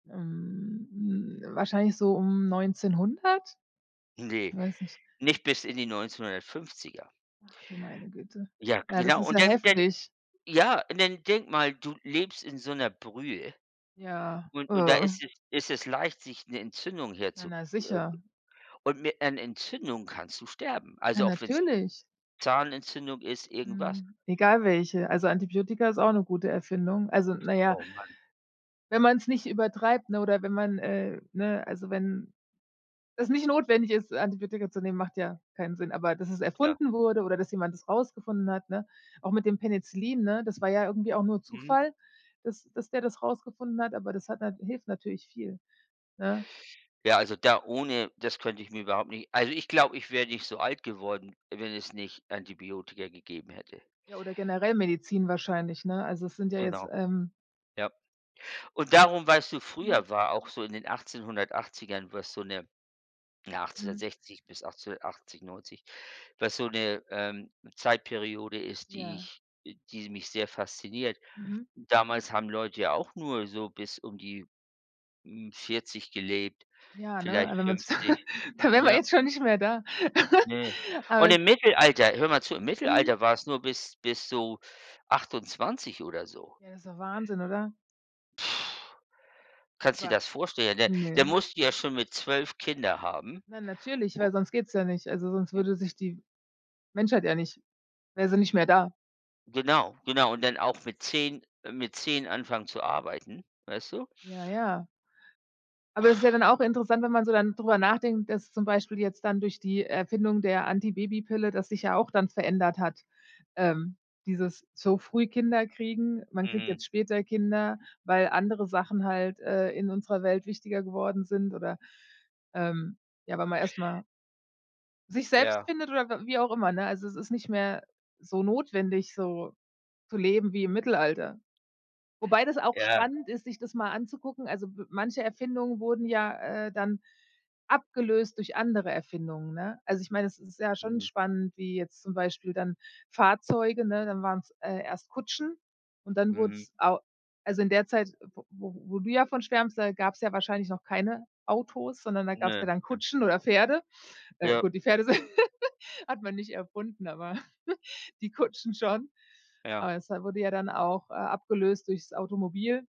Ähm, hm, wahrscheinlich so um 1900? Ne, Weiß nicht. nicht bis in die 1950er. Ach du meine Güte. Ja, Ja, das genau. ist Und ja dann dann heftig. ja, und dann denk mal, du lebst in so 'ner Brühe Ja. und und da ist es ist es leicht, sich 'ne Entzündung her Ja, zu, na äh sicher. Und mit einer Entzündung kannst du sterben. Ja, Also, auch wenn's natürlich. Zahnentzündung ist, irgendwas. Mhm, egal welche. Also, Antibiotika ist auch 'ne gute Erfindung, also, na ja Oh Mann. wenn man's nicht übertreibt, ne, oder wenn man, äh ne, also, wenn es nicht notwendig ist, Antibiotika zu nehmen, macht ja keinen Sinn. Aber dass es Ja. erfunden wurde oder dass jemand das rausgefunden hat, ne? Auch mit dem Penicillin, ne, das war ja irgendwie auch nur Mhm. Zufall, dass dass der das rausgefunden hat, aber das hat na hilft natürlich viel, ne? Ja, also, da ohne das könnte ich mir überhaupt nicht also, ich glaube, ich wäre nicht so alt geworden, wenn es nicht Antibiotika gegeben hätte. Ja, oder generell Medizin wahrscheinlich, ne? Also, es sind ja jetzt, Genau. ähm Ja. Und darum, weißt du Mhm. früher war auch so in den 1880ern, was so 'ne [unintelligible] Mhm. 1860 bis 1880/90, was so 'ne, ähm, Zeitperiode ist, die Ja. ich, äh die mich sehr fasziniert. Mhm. Damals haben Leute ja auch nur so bis um die, hm, 40 gelebt, Ja, ne, vielleicht aber wenn man's 50. da wären wir Ja. jetzt schon nicht mehr da. Ne. Aber Und es im Mittelalter, hör mal zu im Mhm. Mittelalter war's nur bis bis so 28 oder so. Ja, ist ja Wahnsinn, oder? Kannst du Wa dir das vorstellen? Da da Ne? musst du ja schon mit 12 Kinder haben, Na natürlich, u weil sonst geht's ja nicht. Also, sonst würde sich die Menschheit ja nicht wäre sie nicht mehr da. Genau, genau. Und dann auch mit 10 äh, mit 10 anfangen zu arbeiten, weißt du? Ja, ja. Aber es ist ja dann auch interessant, wenn man so dann drüber nachdenkt, dass zum Beispiel jetzt dann durch die Erfindung der Antibabypille das sich ja auch dann verändert hat, ähm, dieses so früh Kinder kriegen. Man kriegt Mhm. jetzt später Kinder, weil andere Sachen halt, äh, in unserer Welt wichtiger geworden sind oder, ähm, ja, weil man erst mal sich selbst Ja. findet oder w wie auch immer, ne? Also, es ist nicht mehr so notwendig so zu leben wie im Mittelalter. Wobei das auch Ja. spannend ist, sich das mal anzugucken. Also, w manche Erfindungen wurden ja, äh, dann abgelöst durch andere Erfindungen, ne? Also, ich meine, es ist ja schon Mhm. spannend, wie jetzt zum Beispiel dann Fahrzeuge, ne dann waren's, äh, erst Kutschen und dann wurde Mhm. es au also, in der Zeit, w wo wo du ja von schwärmst, da gab's ja wahrscheinlich noch keine Autos, sondern da gab's ja Ne, dann ne. Kutschen oder Pferde. Äh, Ja. gut, die Pferde s hat man nicht erfunden, aber die Kutschen schon. Ja. Aber es, äh, wurde ja dann auch, äh, abgelöst durch das Automobil.